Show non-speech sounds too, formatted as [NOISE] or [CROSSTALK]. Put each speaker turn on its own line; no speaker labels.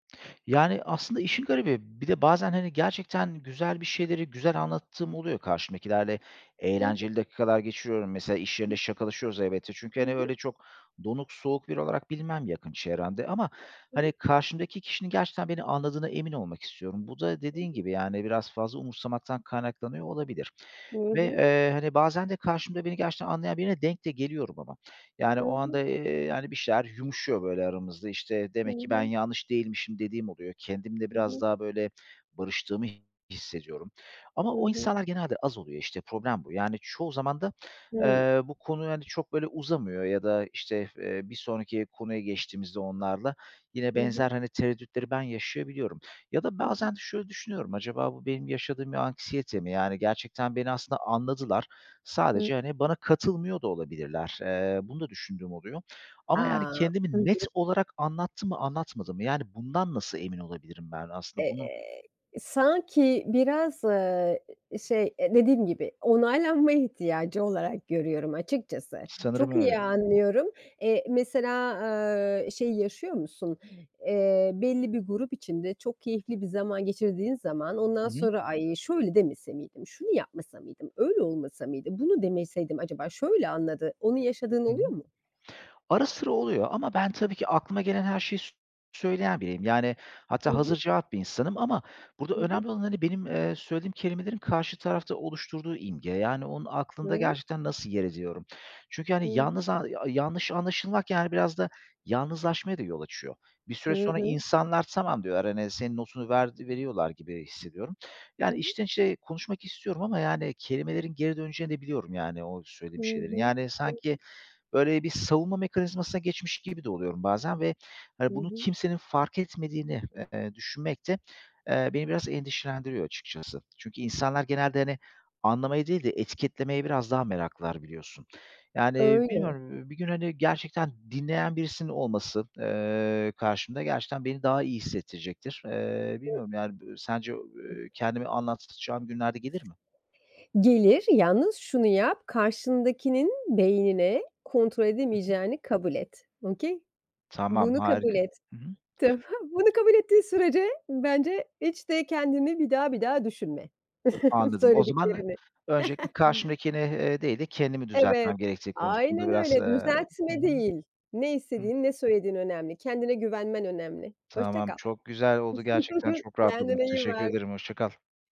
Yani, aslında işin garibi, bir de bazen, hani, gerçekten güzel bir şeyleri güzel anlattığım oluyor karşımdakilerle.
Hı hı.
Eğlenceli dakikalar geçiriyorum. Mesela iş
Hı
yerinde
hı.
şakalaşıyoruz elbette çünkü,
Hı
hani,
hı.
öyle çok donuk soğuk biri olarak bilinmem yakın çevremde ama,
Hı
hani,
hı.
karşımdaki kişinin gerçekten beni anladığına emin olmak istiyorum. Bu da
Hı
dediğin
hı.
gibi yani biraz fazla umursamaktan kaynaklanıyor olabilir
Hı
ve,
hı.
eee, hani, bazen de karşımda beni gerçekten anlayan birine denk de geliyorum ama yani
Hı
o
hı.
anda, eee, yani bir şeyler yumuşuyor, böyle, aramızda, işte,
Hı
demek ki ben
hı.
yanlış değilmişim dediğim oluyor. Kendimle
Hı
biraz
hı.
daha, böyle, barıştığımı hissediyorum ama
Hı
o
hı.
insanlar genelde az oluyor, işte, problem bu yani çoğu zaman da,
Hıı.
eee, bu konu, hani, çok, böyle, uzamıyor ya da, işte, eee, bir sonraki konuya geçtiğimizde onlarla yine
Hı
benzer,
hı.
hani, tereddütleri ben yaşayabiliyorum ya da
Hı hı.
bazen şöyle düşünüyorum, acaba bu benim yaşadığım bir anksiyete mi? Yani gerçekten beni aslında anladılar.
Hı.
Sadece, hani, bana katılmıyor da olabilirler. Eee, bunu da düşündüğüm oluyor ama yani
A! Hı
kendimi net
hı.
olarak anlattım mı anlatmadım mı? Yani bundan nasıl emin olabilirim ben? Aslında bunu
Eee, sanki biraz, ııı, şey dediğim gibi onaylanma ihtiyacı olarak görüyorum açıkçası.
Sanırım
Çok
öyle.
iyi anlıyorum. Eee, mesela, ııı, şey yaşıyor musun? Eee, belli bir grup içinde çok keyifli bir zaman geçirdiğin zaman
Hı
ondan
hı.
sonra ay şöyle demese miydim? Şunu yapmasa mıydım? Öyle olmasa mıydı? Bunu demeseydim acaba şöyle anladı. Onu yaşadığın
Hı hı.
oluyor mu?
Ara sıra oluyor ama ben, tabii ki, aklıma gelen her şeyi s söyleyen biriyim, yani,
Hı
hatta
hı.
hazırcevap bir insanım ama burada
Hı hı.
önemli olan, hani, benim, eee, söylediğim kelimelerin karşı tarafta oluşturduğu imge, yani onun aklında
Hıı.
gerçekten nasıl yer ediyorum? Çünkü,
Hı
hani,
hı.
yalnız a yanlış anlaşılmak, yani, biraz da, yalnızlaşmaya da yol açıyor. Bir
Hı
süre sonra
hı.
insanlar tamam diyorlar, hani, senin notunu ver, veriyorlar gibi hissediyorum.
Hı
Yani,
hı.
içten içe konuşmak istiyorum ama yani kelimelerin geri döneceğini de biliyorum yani o
Hı
söylediğim şeylerin.
hı.
Yani,
Hı
sanki,
hı.
böyle, bir savunma mekanizmasına geçmiş gibi de oluyorum bazen ve,
Hı
hani, bunu
hı.
kimsenin fark etmediğini, eee, düşünmek de, eee, beni biraz endişelendiriyor açıkçası. Çünkü insanlar genelde, hani, anlamaya değil de etiketlemeye biraz daha meraklılar biliyorsun. Yani,
Öyle.
bilmiyorum, ııı, bir gün, hani, gerçekten dinleyen birisinin olması, eee, karşımda gerçekten beni daha iyi hissettirecektir. Eee, bilmiyorum yani b sence, eee, kendimi anlatacağım günlerde gelir mi?
Gelir, yalnız şunu yap karşındakinin beynine kontrol
Hı hı.
edemeyeceğini kabul et, okay?
Tamam,
Bunu kabul
harika.
et.
Hı hı.
Tamam? Bunu kabul ettiğin sürece bence hiç de kendini bir daha bir daha düşünme [CHUCKLES]
Anladım. O zaman
söylediklerini.
öncelikle
[CHUCKLES]
karşımdakini, eee, değil de kendimi düzeltmem
Evet,
gerektiği konusunda
aynen
biraz, eee
öyle
Hı
düzeltme
hı.
değil. Ne
Hı.
istediğin, ne söylediğin önemli. Kendine güvenmen önemli. Hoşça
Tamam,
kal.
çok güzel oldu. Gerçekten
[CHUCKLES]
çok rahatladım.
Kendine iyi
Teşekkür
bak.
ederim, hoşça kal.